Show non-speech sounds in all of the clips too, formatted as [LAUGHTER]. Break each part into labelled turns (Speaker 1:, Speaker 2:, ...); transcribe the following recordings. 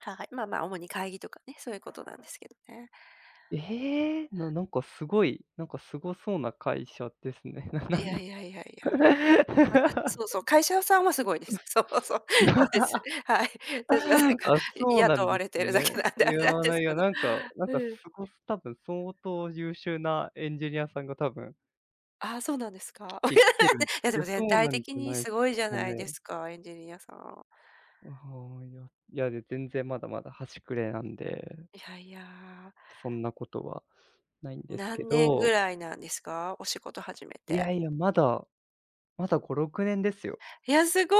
Speaker 1: ははい。まあまあ主に会議とかね、そういうことなんですけどね。
Speaker 2: ええ、ななんかすごい、なんかすごそうな会社ですね。な
Speaker 1: い
Speaker 2: な
Speaker 1: や
Speaker 2: な。
Speaker 1: いやいやいや。わた、そうそ
Speaker 2: [LAUGHS]
Speaker 1: う、会社さんはすごいです。そうそうそうです、
Speaker 2: [LAUGHS]
Speaker 1: はい。私はなんか、
Speaker 2: あ、そうな
Speaker 1: 雇
Speaker 2: んで
Speaker 1: わ
Speaker 2: す
Speaker 1: れてるだけ
Speaker 2: ね。
Speaker 1: なんで、
Speaker 2: い
Speaker 1: あれなん
Speaker 2: や
Speaker 1: で
Speaker 2: な、
Speaker 1: す
Speaker 2: い
Speaker 1: け
Speaker 2: や、
Speaker 1: ど。
Speaker 2: なんか、なんかす
Speaker 1: うん。
Speaker 2: ご多分相当優秀なエンジニアさんが多分
Speaker 1: ああ、そうなんですか。[LAUGHS]
Speaker 2: きてきてる。い
Speaker 1: いや、で
Speaker 2: や、
Speaker 1: も
Speaker 2: そ
Speaker 1: 全
Speaker 2: う
Speaker 1: 体
Speaker 2: なんじ
Speaker 1: 的
Speaker 2: ゃ
Speaker 1: に
Speaker 2: ない
Speaker 1: す
Speaker 2: で
Speaker 1: ごいじゃ
Speaker 2: すか
Speaker 1: ないで
Speaker 2: ね。
Speaker 1: すか、エンジニアさん。
Speaker 2: ああ、いやいや、全然まだまだ端くれなんで
Speaker 1: いやいや。
Speaker 2: そんなことはないんですけ
Speaker 1: 何年ぐ
Speaker 2: ど。
Speaker 1: らいなんですか？お仕事始め
Speaker 2: い
Speaker 1: て。
Speaker 2: やいや、まだ。まだ5、6年ですよ。
Speaker 1: いや、すごい。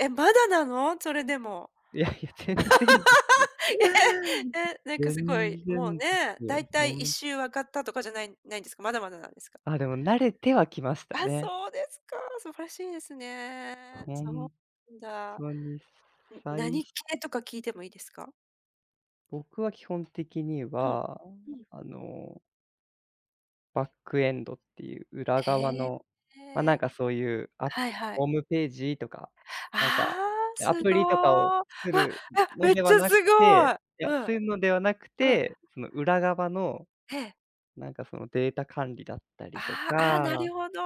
Speaker 1: え、まだなの？それでも。
Speaker 2: いやいや、全然ですよ
Speaker 1: [LAUGHS] ええ！
Speaker 2: [GIGGLES]
Speaker 1: え、なんかすご
Speaker 2: 全
Speaker 1: い、もう
Speaker 2: 然で
Speaker 1: ね、
Speaker 2: すよ。
Speaker 1: 大体
Speaker 2: ほ
Speaker 1: いっ
Speaker 2: ん
Speaker 1: しゅう分かったとかじゃない、ないんですか？まだまだなんですか？
Speaker 2: ああ、でも慣れてはきました
Speaker 1: あ、
Speaker 2: ね。
Speaker 1: そうですか。素晴らしいですね。
Speaker 2: ほ
Speaker 1: そう
Speaker 2: ん、
Speaker 1: なんだ。
Speaker 2: とに、
Speaker 1: うん、
Speaker 2: さい
Speaker 1: 何
Speaker 2: し
Speaker 1: 系とか聞いてもいいですか？
Speaker 2: 僕は基本的に
Speaker 1: うん、
Speaker 2: は、
Speaker 1: うん。
Speaker 2: あのバックエンドっていう裏側
Speaker 1: へえ。
Speaker 2: の、まあ、なんかそういう、あ、
Speaker 1: はいは
Speaker 2: ホー
Speaker 1: い。
Speaker 2: ムページとか、
Speaker 1: あ
Speaker 2: なんか、
Speaker 1: あ！
Speaker 2: ア
Speaker 1: す
Speaker 2: プ
Speaker 1: ご。う
Speaker 2: リとかを
Speaker 1: わ！
Speaker 2: 作
Speaker 1: あ、
Speaker 2: るの
Speaker 1: めっ
Speaker 2: で
Speaker 1: ち
Speaker 2: は
Speaker 1: ゃ
Speaker 2: な
Speaker 1: す
Speaker 2: く
Speaker 1: ご
Speaker 2: て、
Speaker 1: い。
Speaker 2: いや、
Speaker 1: うん。
Speaker 2: そういうのではなく
Speaker 1: うん。
Speaker 2: て、その裏側の、
Speaker 1: ええ。
Speaker 2: なんかそのデータ管理だったりと
Speaker 1: ああああ、
Speaker 2: か、
Speaker 1: なるほど。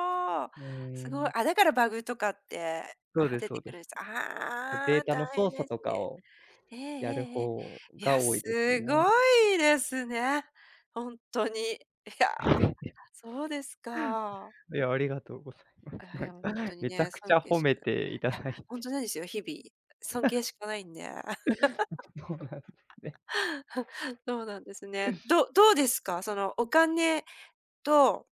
Speaker 2: うー
Speaker 1: すごい。
Speaker 2: ん。
Speaker 1: あ、だからバグとかって、あ
Speaker 2: そう
Speaker 1: あ、
Speaker 2: です
Speaker 1: 出
Speaker 2: そ
Speaker 1: て
Speaker 2: う
Speaker 1: く
Speaker 2: で
Speaker 1: る
Speaker 2: す。
Speaker 1: んです。
Speaker 2: こう、
Speaker 1: あ
Speaker 2: デー
Speaker 1: あ、
Speaker 2: タ
Speaker 1: 大
Speaker 2: の
Speaker 1: 変
Speaker 2: 操
Speaker 1: で
Speaker 2: 作と
Speaker 1: す
Speaker 2: か
Speaker 1: ね。
Speaker 2: を
Speaker 1: ええ
Speaker 2: やる
Speaker 1: ええええ。
Speaker 2: 方
Speaker 1: い
Speaker 2: が
Speaker 1: や、
Speaker 2: 多い
Speaker 1: す
Speaker 2: ですね。
Speaker 1: ごいですね。ほんとに。いや、
Speaker 2: うん。[CHUCKLES]
Speaker 1: そうですか。
Speaker 2: いや、ありがとうございます。
Speaker 1: ああ、いやもう、ほ
Speaker 2: な
Speaker 1: んと
Speaker 2: ん、
Speaker 1: に
Speaker 2: めちゃ
Speaker 1: ね、
Speaker 2: くち
Speaker 1: 尊
Speaker 2: ゃ
Speaker 1: 敬
Speaker 2: 褒
Speaker 1: し
Speaker 2: め
Speaker 1: かい
Speaker 2: ていた
Speaker 1: や、
Speaker 2: だい
Speaker 1: ほん
Speaker 2: て。
Speaker 1: となんですよ、日々、尊敬しかないんで。
Speaker 2: [LAUGHS] そうなんです
Speaker 1: [LAUGHS]
Speaker 2: ね。
Speaker 1: そうなんですね。どどうですか？そのお金と